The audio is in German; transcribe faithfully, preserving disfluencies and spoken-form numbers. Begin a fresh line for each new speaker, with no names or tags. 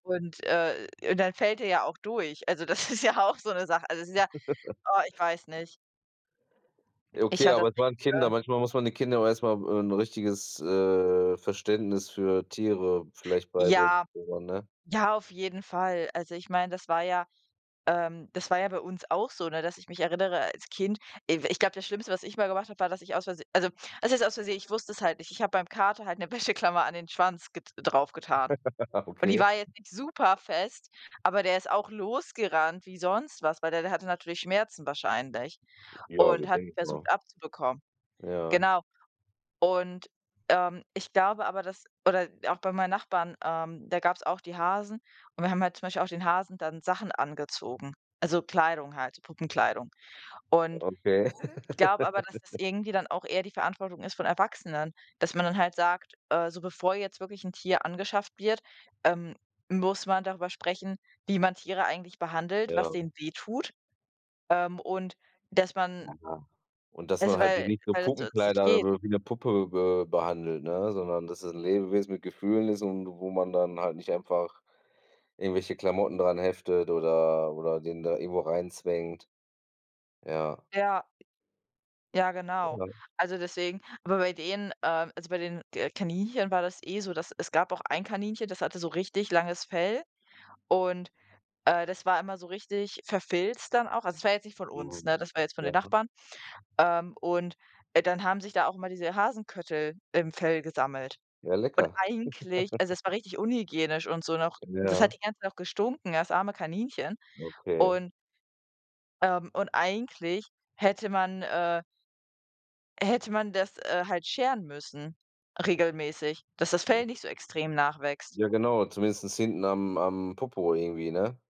Und, äh, dann fällt er ja auch durch. Also, das ist ja auch so 'ne Sache. Also, es ist ja oh, ich weiß nicht.
Ja,
Ich
okay,
höre
aber
das
es
nicht,
waren Kinder,
äh
manchmal muss man den Kindern auch erst mal, äh, 'n richtiges, äh, Verständnis für Tiere vielleicht beibringen,
Ja.
oder, ne?
Ja auf jeden Fall. Also, ich meine, das war ja, ähm das war ja bei uns auch so, ne? Dass ich mich erinnere als Kind, i w ich glaube, das Schlimmste, was ich mal gemacht habe, war, dass ich aus Vers also, was heißt aus Versehen, ich wusste es halt nicht. Ich habe beim Kater halt 'ne Wäscheklammer an den Schwanz get drauf getan. Und die
Okay.
war jetzt nicht super fest, aber der ist auch losgerannt wie sonst was, weil der der hatte natürlich Schmerzen wahrscheinlich
Ja,
und
ist
hat die
denkbar.
versucht abzubekommen.
Ja.
Genau. Und, ähm, ich glaube aber, dass oder auch bei meinen Nachbarn, ähm, da gab es auch die Hasen und wir haben halt zum Beispiel auch den Hasen dann Sachen angezogen, also, Kleidung halt, Puppenkleidung. Und
Okay.
ich glaube aber, dass es irgendwie dann auch eher die Verantwortung ist von Erwachsenen, dass man dann halt sagt: „Äh, so bevor jetzt wirklich 'n Tier angeschafft wird, ähm, muss man darüber sprechen, wie man Tiere eigentlich behandelt, was
Ja.
denen wehtut, ähm, und dass man"
Na ja. Und dass
„also“,
man halt sie
weil
nicht so
weil das sonst nicht
Puppenkleider
geht.
oder wie 'ne Puppe be behandelt, ne? Sondern dass es 'n Lebewesen mit Gefühlen ist und wo man dann halt nicht einfach irgendwelche Klamotten dran heftet oder oder den da irgendwo reinzwängt. Ja.
Ja. Ja genau.
Ja.
Also, deswegen aber bei denen, ähm also, bei den K Kaninchen war das eh so, dass es gab auch ein Kaninchen, das hatte so richtig langes Fell und, äh, das war immer so richtig verfilzt dann auch. Also, das war jetzt nicht von uns,
Mhm.
ne? Das war jetzt von den
Ja.
Nachbarn. Ähm. Und, äh, dann haben sich da auch immer diese Hasenköttel im Fell gesammelt.
Ja,
Und
lecker.
eigentlich also, es war richtig unhygienisch und so noch, das hat
Ja.
die ganze Zeit auch gestunken, das arme Kaninchen.
Okay.
Und ähm, und eigentlich hätte man, äh hätte man das, äh, halt scheren müssen regelmäßig, dass das Fell nicht so extrem nachwächst.
Ja genau, zumindestens hinten am am Popo irgendwie, ne?